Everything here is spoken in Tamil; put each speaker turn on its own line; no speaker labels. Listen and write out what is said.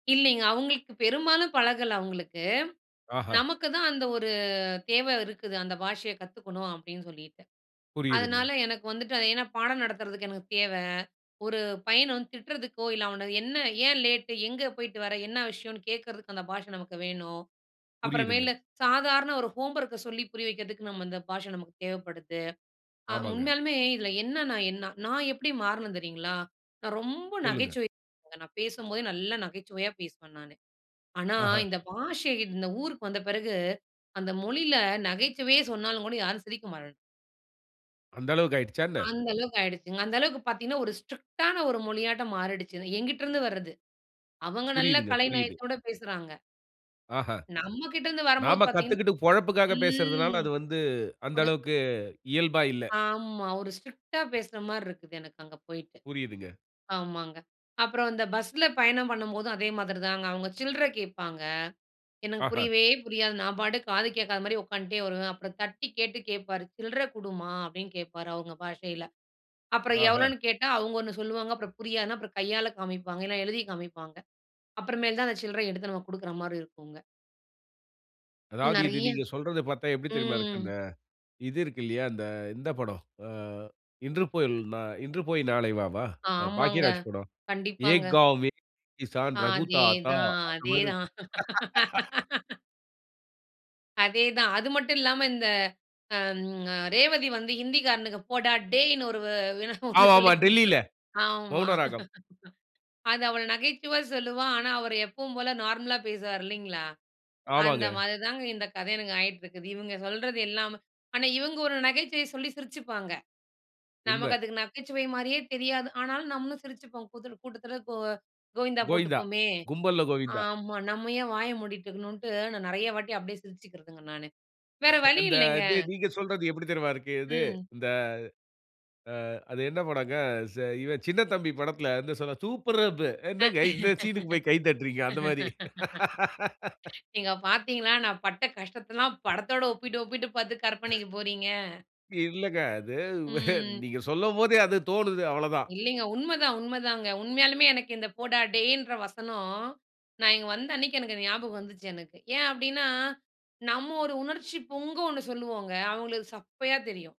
இல்லிங்க. அவுங்களுக்கு பெரும்பாலும் பழகல அவுங்களுக்கு.
ஆஹா.
நமக்கு தான் அந்த ஒரு தேவ இருக்குது, அந்த பாஷைய கத்துக்கணும் அப்டின் சொல்லிட்டு.
புரியிதுங்க.
அதனால எனக்கு வந்துட்டு அது ஏன்னா பாடம் நடத்துறதுக்கு எனக்கு தேவ. ஒரு பையன வந்து திட்றதுக்கோ, இல்ல அவன என்ன, ஏன் லேட்டு. எங்க போய்ட்டு வர, என்ன விஷயன்னு கேக்குறதுக்கு அந்த பாஷ நமக்கு வேணும். அப்புறமேலு
புரியிதுங்க.
சாதாரண ஒரு ஹோம்வொர்க்க சொல்லி புரிய வைக்கிறதுக்கு, நம்ம அந்த பாஷை நமக்கு தேவப்படுது. ஆ
ஆமாங்க.
உண்மையாலுமே இதுல என்ன நான் என்னா நான் எப்டி மாறுனேன் தெரியுங்களா? நான் ரொம்ப
சொல்லுங்க.
நகைச்சுவை [unintelligible] நான் பேசும்போதே நல்லா நகைச்சுவையா பேசுவேன் நானு .ஆனா,
ஆஹா.
இந்த பாஷை இந்த ஊருக்கு வந்த பிறகு அந்த மொழில நகைச்சுவையே சொன்னாலும் கூட யாரும் சிரிக்க மாட்டன்.
அந்த அளவுக்கு ஆயிடுச்சா என்ன?
அந்த அளவுக்கு ஆயிடுச்சுங்க. அந்த அளவுக்கு பாத்தீங்கன்னா, ஒரு ஸ்ட்ரிக்டான ஒரு மொழியாட்ட மாறிடுச்சு. என்கிட்டருந்து வர்றது அவங்க நல்ல
புரியிதுங்க. புரியிது.
கலைநயத்தோட பேசுறாங்க.
ஆஹ.
நம்ம கிட்ட இருந்து வரம்போது
நாம
பாத்தீங்கன்னா
கத்துக்கிட்டு பொழப்புக்காக பேசுறதுனால,
ம்,
அது வந்து அந்த
ஒரு
அளவுக்கு இயல்பா இல்ல.
ஆமா, ஒரு ஸ்ட்ரிக்ட்டா பேசுற மாரி இருக்குது எனக்கு அங்க போய்ட்டு.
புரியிதுங்க.
ஆமாங்க, அப்புறம் இந்த பஸ்ல பயணம் பண்ணும்போதும் அதே மாதிரிதாங்க. அவுங்க சில்ற கேட்பாங்க, எனக்கு
ஆஹ.
புரியவே புரியாது. நான் பாட்டுக்கு காது கேக்காத மாரி உக்காந்ட்டே வருவேன். அப்புறம் தட்டி கேட்டு கேட்பாரு, "சில்றை குடும்மா" அப்டின்னு கேப்பாரு அவுங்க பாஷையில. அப்புறம்
ஆஹ.
எவ்வளோன்னு கேட்டா அவுங்க ஒண்ணு சொல்லுவாங்க. அப்புறம் புரியாதுனா அப்புறம் கையால காமிப்பாங்க இல்லனா எழுதி காமிப்பாங்க, அப்புறமேல் தான் அந்த சில்ற எடுத்து நம்ம குடுக்குற மாரி இருக்குங்க.
அதாவது இது
நெறைய
நீங்க சொல்றத பாத்தா எப்டி தெரியுமா இருக்கு
ம்.
அந்த, இது இருக்கு இல்லயா. அந்த இந்த படம் அ இன்று போல் நா இன்று போய் நாளை வ வா? அ
ஆமாங்க,
பாக்கியராஜ் படம்
கண்டிப்பாங்க.
"ஏக் காவ்மே கிஸான் ரகு தாத்தா"
அதேதான்
அந்த மாரி இருக்கு
அதேதான் அதேதான்! அது மட்டும் இல்லாம இந்த அம் "அ ரேவதி வந்து ஹிந்திகாரனுக்கு போடா டேய்ன்னு ஒரு வ என்ன ஒண்ணு
ஆமா ஆமா
சொல்லிக் கொடுப்பா",
டெல்லில,
ஆமா.
மௌன ராகம்.
அது அவள் நகைச்சுவையா சொல்லுவா, ஆனா, அவரு எப்பவும் போல நார்மலா பேசுவார் இல்லைங்களா, அந்த
ஆமாங்க.
மாரி தாங்க இந்த கத எனக்கு ஆயிட்ருக்குது. இவுங்க சொல்றது எல்லாமே ஆனா இவுங்க ஒரு நகைச்சுவைய சொல்லி சிரிச்சுப்பாங்க,
உண்ம.
நமக்கு அதுக்கு நகைச்சுவை மாரியே தெரியாது, ஆனாலும் நம்மளும் சிரிச்சுப்போம், கூதல கூட்டத்ல கோ கோயிந்தா
கோயிந்தா,
போட்டுப்போமே,
கும்பல்ல கோவிந்தா.
ஆமா நம்ம ஏன் வாய மூடிட்டுருக்கணுன்ட்டு நான் நெறைய வாட்டி அப்டியே சிரிச்சுக்கிறதுங்க, நானு வேற வழி
அந்த
இல்லைங்க.
இது நீங்க சொல்றது எப்புடி தெரியுமா இருக்கு இது,
ம்.
இந்த அ அது என்ன படங்க ச இவன் சின்னத்தம்பி படத்ல வந்து சொல்வா "சூப்பர் அப்பு" "என்னங்க இந்த சீனுக்கு போய் கை தட்டுறீங்க!" அந்த மாரி.
அ நீங்க பாத்தீங்களா, நான் பட்ட கஷ்டத்தல்லாம் படத்தோட ஒப்பிட்டு ஒப்பிட்டு பாத்து கற்பனைக்கு போறீங்க.
இல்லங்க. அது
ம்.
நீங்க சொல்லும்போதே அது தோணுது அவ்வளதான்.
இல்லிங்க. உண்மதான் உண்மதாங்க உண்மையாலுமே எனக்கு இந்த 'போடா டேய்'ன்ற வசனம் நான் இங்க வந்த அன்னைக்கு எனக்கு அது ஞாபகம் வந்துச்சு எனக்கு. ஏன் அப்டின்னா, நம்ம ஒரு உணர்ச்சி பொங்க ஒண்ணு சொல்லுவோங்க, அவுங்களுக்கு சப்பையா தெரியும்.